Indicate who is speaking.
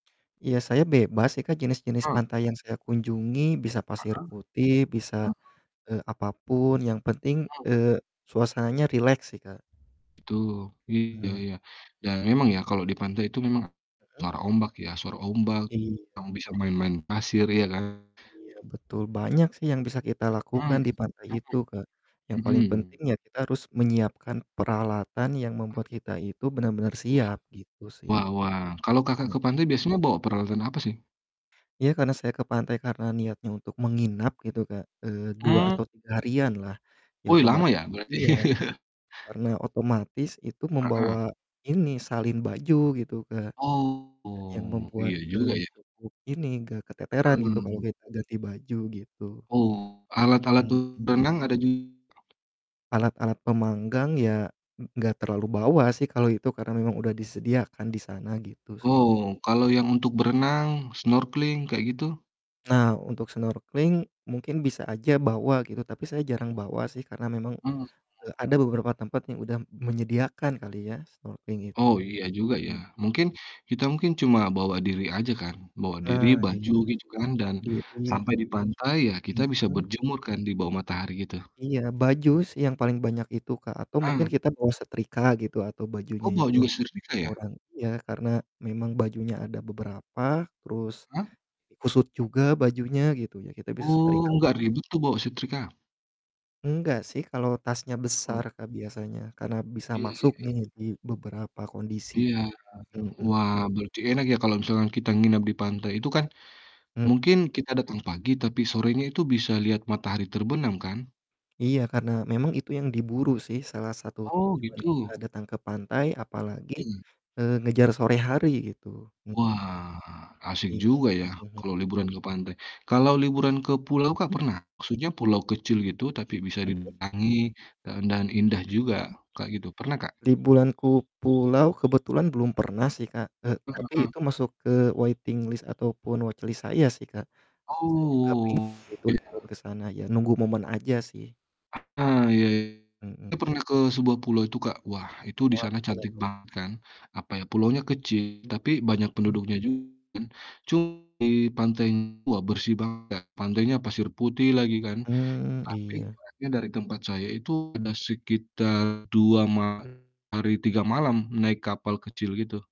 Speaker 1: Iya saya bebas sih Kak, jenis-jenis
Speaker 2: Mmm.
Speaker 1: pantai yang saya kunjungi bisa
Speaker 2: Heeh,
Speaker 1: pasir putih, bisa,
Speaker 2: mhm.
Speaker 1: eee, apa pun yang penting,
Speaker 2: Mhm.
Speaker 1: eee, suasananya rileks sih, Kak.
Speaker 2: Betul iya
Speaker 1: Mmm.
Speaker 2: ya, dan memang ya kalau di pantai itu memang,
Speaker 1: Mhm.
Speaker 2: suara ombak ya, suara ombak,
Speaker 1: Iya.
Speaker 2: kamu bisa main-main pasir ya kan.
Speaker 1: Iya betul, banyak sih yang bisa kita lakukan
Speaker 2: Mmm,
Speaker 1: di pantai itu Kak, yang
Speaker 2: mhm,
Speaker 1: paling penting
Speaker 2: mhm.
Speaker 1: ya kita harus menyiapkan peralatan yang
Speaker 2: Mmm.
Speaker 1: membuat kita itu benar-benar
Speaker 2: Wah,
Speaker 1: siap, gitu sih.
Speaker 2: wah wah kalau Kakak
Speaker 1: Mmm.
Speaker 2: ke pantai biasanya bawa peralatan apa sih?
Speaker 1: Iya, karena saya ke pantai karena niatnya untuk menginap gitu Kak, eee, 2
Speaker 2: Mmm.
Speaker 1: atau 3 harian lah, ya
Speaker 2: Wuih
Speaker 1: otomat
Speaker 2: lama ya berarti.
Speaker 1: iya, karena otomatis itu membawa,
Speaker 2: Heeh.
Speaker 1: ini, salin baju gitu Kak. Yang
Speaker 2: Oh,
Speaker 1: membuat,
Speaker 2: iya juga
Speaker 1: eee,
Speaker 2: ya.
Speaker 1: cukup ini gak keteteran gitu kalau
Speaker 2: Mmm.
Speaker 1: kita ganti baju gitu.
Speaker 2: Oh, alat-alat
Speaker 1: Hmm, mmm.
Speaker 2: berenang ada ju
Speaker 1: Alat-alat pemanggang ya ng nggak terlalu bawa sih kalau itu karena memang udah disediakan di sana, gitu sih.
Speaker 2: Oh, kalau yang untuk berenang, snorkeling, kayak gitu?
Speaker 1: Nah untuk snorkeling mungkin bisa aja bawa gitu, tapi saya jarang bawa sih karena memang,
Speaker 2: Mhm.
Speaker 1: eee, ada beberapa tempat yang udah menyediakan kali ya snorkeling itu,
Speaker 2: Oh iya juga ya,
Speaker 1: mmm.
Speaker 2: mungkin, kita mungkin cuma bawa diri aja kan, bawa diri,
Speaker 1: Nah iya,
Speaker 2: baju, gitu kan dan,
Speaker 1: diri.
Speaker 2: sampai di pantai ya kita bisa
Speaker 1: Mhm.
Speaker 2: berjemur kan di bawah matahari gitu.
Speaker 1: Iya, baju sih yang paling banyak itu, Kak, atau mungkin
Speaker 2: Mmm.
Speaker 1: kita bawa setrika gitu atau
Speaker 2: Oh
Speaker 1: bajunya
Speaker 2: bawa
Speaker 1: itu,
Speaker 2: juga setrika ya?
Speaker 1: orang iya karena memang bajunya ada beberapa, terus
Speaker 2: Mhm.
Speaker 1: kusut juga bajunya gitu ya kita bisa
Speaker 2: Oh
Speaker 1: setrika.
Speaker 2: nggak ribet tuh bawa setrika?
Speaker 1: Enggak sih kalau tasnya besar
Speaker 2: [unintelligible]
Speaker 1: Kak biasanya, karena bisa
Speaker 2: Iya iya
Speaker 1: masuk nih
Speaker 2: iya.
Speaker 1: di beberapa kondisi,
Speaker 2: Iya,
Speaker 1: mhm.
Speaker 2: wah, berarti enak ya kalau misalkan kita nginap di pantai itu kan,
Speaker 1: Mhm.
Speaker 2: mungkin kita datang pagi tapi sorenya itu bisa lihat matahari terbenam kan?
Speaker 1: Iya karena memang itu yang diburu sih, salah satu
Speaker 2: Oh
Speaker 1: tujuan kita
Speaker 2: gitu?
Speaker 1: datang ke pantai apalagi,
Speaker 2: Mhm.
Speaker 1: eee, ngejar sore hari gitu, m
Speaker 2: Wah, asik
Speaker 1: Iya,
Speaker 2: juga ya
Speaker 1: mhm, hmm.
Speaker 2: kalau liburan ke pantai, kalau liburan ke pulau Kak,
Speaker 1: Mhm.
Speaker 2: pernah? Maksudnya pulau kecil gitu tapi bisa
Speaker 1: Heeh.
Speaker 2: didatangi dan dan indah
Speaker 1: Mhm.
Speaker 2: juga Kak, gitu pernah, Kak?
Speaker 1: Liburan ku pulau kebetulan belum pernah sih Kak, eee,
Speaker 2: Heeh
Speaker 1: tapi
Speaker 2: heeh.
Speaker 1: itu masuk ke waiting list ataupun watch list saya sih Kak, saya juga pingin
Speaker 2: Oh,
Speaker 1: gitu
Speaker 2: iya.
Speaker 1: liburan ke sana ya nunggu momen aja sih.
Speaker 2: Eee, Iya,
Speaker 1: Mhm.
Speaker 2: saya pernah ke sebuah pulau itu Kak, wah itu di
Speaker 1: Wah
Speaker 2: sana
Speaker 1: gimana
Speaker 2: cantik
Speaker 1: tuh?
Speaker 2: banget kan apa ya, pulaunya kecil tapi banyak
Speaker 1: Mhm.
Speaker 2: penduduknya juga kan cu di pantainya wah bersih banget Kak, pantainya pasir putih lagi kan,
Speaker 1: Mmm,
Speaker 2: tapi
Speaker 1: iya.
Speaker 2: jaraknya dari tempat saya itu ada sekitar 2 ma hari 3 malam naik kapal kecil gitu.